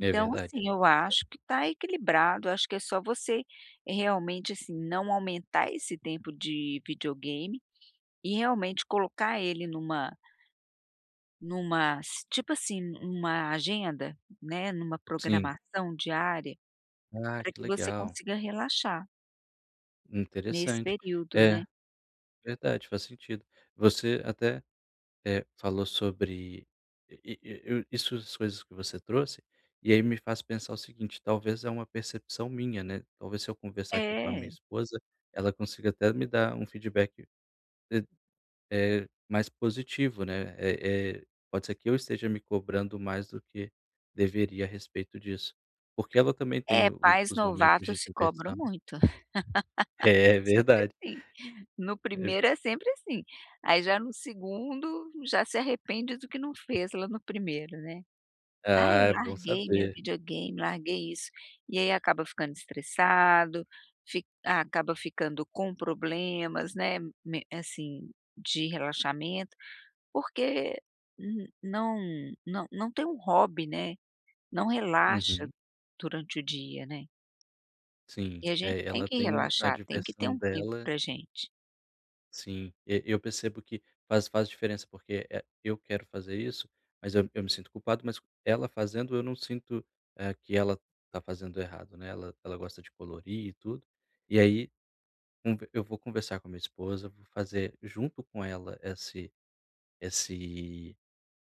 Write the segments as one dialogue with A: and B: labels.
A: É verdade.
B: assim, eu
A: É.
B: acho que tá equilibrado. Acho que é só você realmente, assim, não aumentar esse tempo de videogame e realmente colocar ele numa numa s tipo assim, numa agenda, né, numa
A: Sim.
B: programação diária
A: Ah,
B: para
A: que
B: que você
A: legal.
B: consiga relaxar nesse
A: Interessante.
B: período, né?
A: É, verdade. Faz sentido. Você até, eh, falou sobre E e eu isso as coisas que você trouxe. E aí me faz pensar o seguinte: talvez, é uma percepção minha, né. Talvez, se eu conversar aqui com a minha
B: É.
A: esposa, ela consiga até me dar um feedback t eh, mais positivo, né? Eh eh, pode ser que eu esteja me cobrando mais do que deveria a respeito disso. Porque ela também tem
B: É,
A: o
B: pais
A: os momentos de
B: novatos se cobram
A: diversão.
B: muito.
A: É
B: Sempre
A: verdade.
B: assim. No
A: E
B: 1º,, é sempre assim. Aí, já no 2º, já se arrepende do que não fez lá no 1º, né? “Ah, eu
A: Ah, é bom
B: larguei meu
A: saber.
B: videogame, larguei isso.”. E aí acaba ficando estressado. Fi acaba ficando com problemas, né, men assim, de relaxamento. Porque não não não tem um hobby, né. Não relaxa
A: Uhum.
B: durante o dia, né?
A: Sim,
B: E a gente
A: é,
B: tem
A: ela
B: que
A: tem a
B: relaxar. Tem que ter
A: diversão
B: um tempo
A: dela.
B: para gente.
A: Sim. Eu eu percebo que faz faz diferença. Porque, eh, eu quero fazer isso, mas eu eu me sinto culpado. Mas ela fazendo, eu não sinto, eh, que ela tá fazendo errado, né? Ela ela gosta de colorir e tudo. E ai, Um v eu vou conversar com a minha esposa. Vou fazer junto com ela esse esse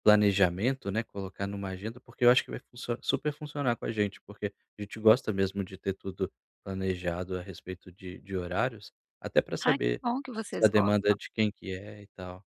A: planejamento, né. Colocar em uma agenda. Porque eu acho que vai funcio super funcionar com a gente, porque a gente gosta mesmo de ter tudo planejado a respeito de de horários. Até pra
B: Ah, que
A: saber
B: bom que
A: a
B: vocês
A: se demanda
B: gostam.
A: de quem que é e tal.